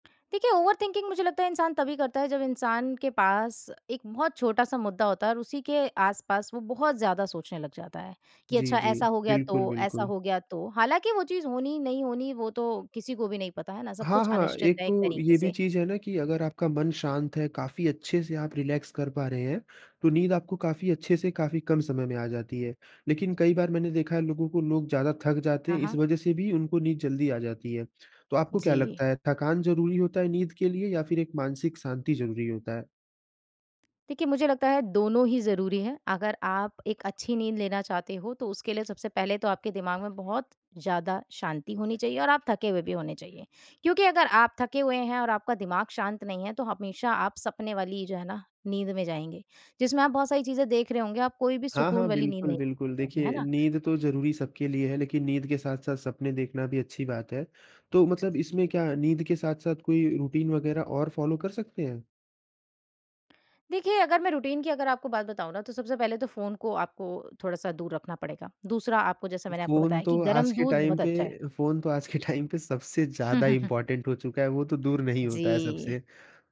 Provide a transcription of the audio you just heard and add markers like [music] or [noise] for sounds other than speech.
देखिए, ओवरथिंकिंग मुझे लगता है इंसान तभी करता है, जब इंसान के पास एक बहुत छोटा-सा मुद्दा होता है। और उसी के आस-पास वो बहुत ज़्यादा सोचने लग जाता है, कि जी, अच्छा जी। ऐसा हो गया तो बिल्कुल, ऐसा बिल्कुल। हो गया तो। हालाँकि वो चीज़ होनी, नहीं होनी, वो तो किसी को भी नहीं पता है ना? सब हाँ, कुछ हाँ। अनिश्चित एक है एक तो तरीके ये भी से। चीज़ है ना कि अगर आपका मन शांत है, काफ़ी अच्छे से आप रिलैक्स कर पा रहे हैं, तो नींद आपको काफ़ी अच्छे से काफ़ी कम समय में आ जाती है। लेकिन कईं बार मैंने देखा है लोगों को, लोग ज़्यादा थक जाते हाँ, हैं इस हाँ। वज़ह से भी उनको नींद जल्दी आ जाती है। तो आपको क्या जी। लगता है थकान ज़रूरी होता है नींद के लिए? या फिर एक मानसिक शांति ज़रूरी होता है? देखिए, मुझे लगता है दोनों ही ज़रूरी हैं। अगर आप एक अच्छी नींद लेना चाहते हो, तो उसके लिए सबसे पहले तो आपके दिमाग में बहुत ज़्यादा शांति होनी चाहिए और आप थके हुए भी होने चाहिए। क्योंकि अगर आप थके हुए हैं और आपका दिमाग शांत नहीं है, तो हमेशा आप सपने वाली जो है ना, नींद में जाएँगे। जिसमें आप बहुत सारी चीज़ें देख रहे होंगे, आप कोई भी हाँ, सुकून हाँ। वाली नींद बिल्कुल, नहीं बिल्कुल। [unintelligible] है देखिए ना। नींद तो ज़रूरी सबके लिए है लेकिन नींद के साथ-साथ सपने देखना भी अच्छी बात है। तो मतलब, इसमें क्या नींद के साथ-साथ कोई रूटीन वगैरह और फ़ॉलो कर सकते हैं? देखिए अगर मैं रूटीन की अगर आपको बात बताऊँ ना, तो सबसे पहले तो फ़ोन को आपको थोड़ा-सा दूर रखना पड़ेगा। दूसरा, आपको जैसे मैंने आपको फ़ोन बताया कि तो आज गरम के दूध टाइम बहुत पे अच्छा है। फोन तो आज के टाइम पे सबसे हुँ, ज़्यादा हुँ, हुँ। इम्पोर्टेंट हो चुका है, वो तो दूर नहीं जी। होता है सबसे।